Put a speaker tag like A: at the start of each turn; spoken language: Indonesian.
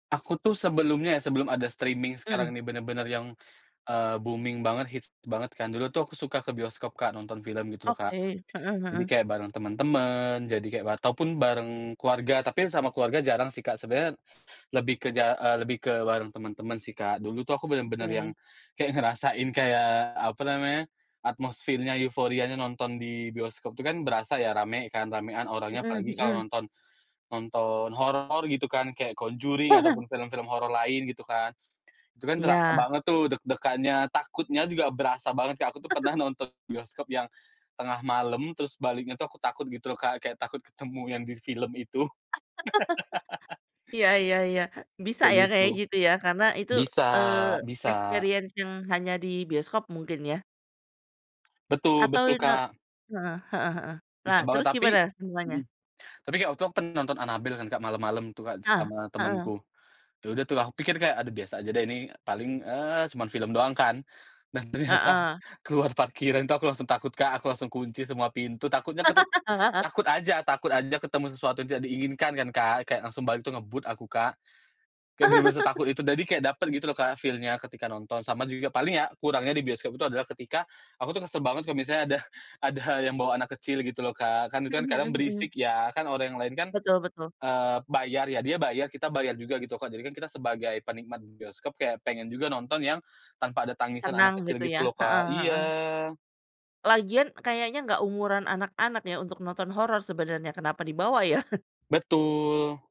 A: Aku tuh sebelumnya ya, sebelum ada streaming
B: Mhm.
A: sekarang ini benar-benar yang, eee, booming banget, hits banget kan. Dulu tuh aku suka ke bioskop, Kak, nonton film gitu loh, Kak.
B: Oke, heeh
A: Jadi
B: heeh.
A: kayak bareng teman-teman, jadi kayak wa ataupun bareng keluarga, tapi sama keluarga jarang sih, Kak. Sebenarnya lebih ke ja eee, lebih ke bareng teman-teman sih, Kak. Dulu tuh aku benar-benar yang
B: Oke.
A: kayak ngerasain kayak apa namanya atmosfernya, euforianya nonton di bioskop itu kan berasa ya rame kan, ramean orangnya.
B: Mhm
A: Apalagi kalau
B: mhm.
A: nonton, nonton horor gitu kan, kayak The Conjuring ataupun film-film horor lain gitu kan. Itu kan terasa
B: Iya.
A: banget tuh deg-degannya, takutnya juga berasa banget, Kak. Aku tuh pernah nonton bioskop yang, tengah malam, terus baliknya tuh aku takut gitu loh, Kak, kayak takut ketemu yang di film itu.
B: Iya iya iya, bisa
A: Kayak
B: ya
A: gitu.
B: kayak gitu ya. Karena itu,
A: Bisa
B: eee,
A: bisa.
B: experience yang hanya di bioskop mungkin ya?
A: Betul
B: Atau.
A: betul,
B: [unintelligible]
A: Kak.
B: Heeh heeh heeh. Nah,
A: Bisa banget.
B: terus
A: Tapi
B: gimana sambungannya?
A: mhm. Tapi, Kak, waktu aku pen nonton Annabelle kan, Kak, malam-malam tuh, Kak,
B: Ah,
A: sama
B: heeh.
A: temanku. Ya udah tuh, aku pikir kayak, aduh, biasa aja deh ini, paling, eee, cuman film doang kan. Dan ternyata,
B: Heeh.
A: keluar parkiran tuh aku langsung takut, Kak, aku langsung kunci semua pintu, takutnya keru takut aja takut aja ketemu sesuatu yang tidak diinginkan kan, Kak. Kayak langsung balik tuh ngebut aku, Kak. Kayak benar-benar setakut itu, jadi kayak dapet gitu loh, Kak, feel-nya ketika nonton. Sama juga paling ya kurangnya di bioskop itu adalah ketika, aku tuh kesel banget kalau misalnya ada ada yang bawa anak kecil gitu loh, Kak. Kan itu
B: Mhm
A: kan kadang
B: mhm mhm.
A: berisik ya. Kan orang yang lain kan,
B: Betul betul.
A: eee, bayar ya, dia bayar, kita bayar juga gitu kok. Jadi kan kita sebagai penikmat bioskop kayak pengen juga nonton yang, tanpa ada tangisan
B: Tenang
A: anak kecil
B: gitu
A: gitu
B: ya.
A: loh,
B: Heeh
A: Kak
B: heeh heeh.
A: iya.
B: Lagian kayaknya enggak umuran anak-anak ya untuk nonton horor sebenarnya. Kenapa dibawa ya?
A: Betul.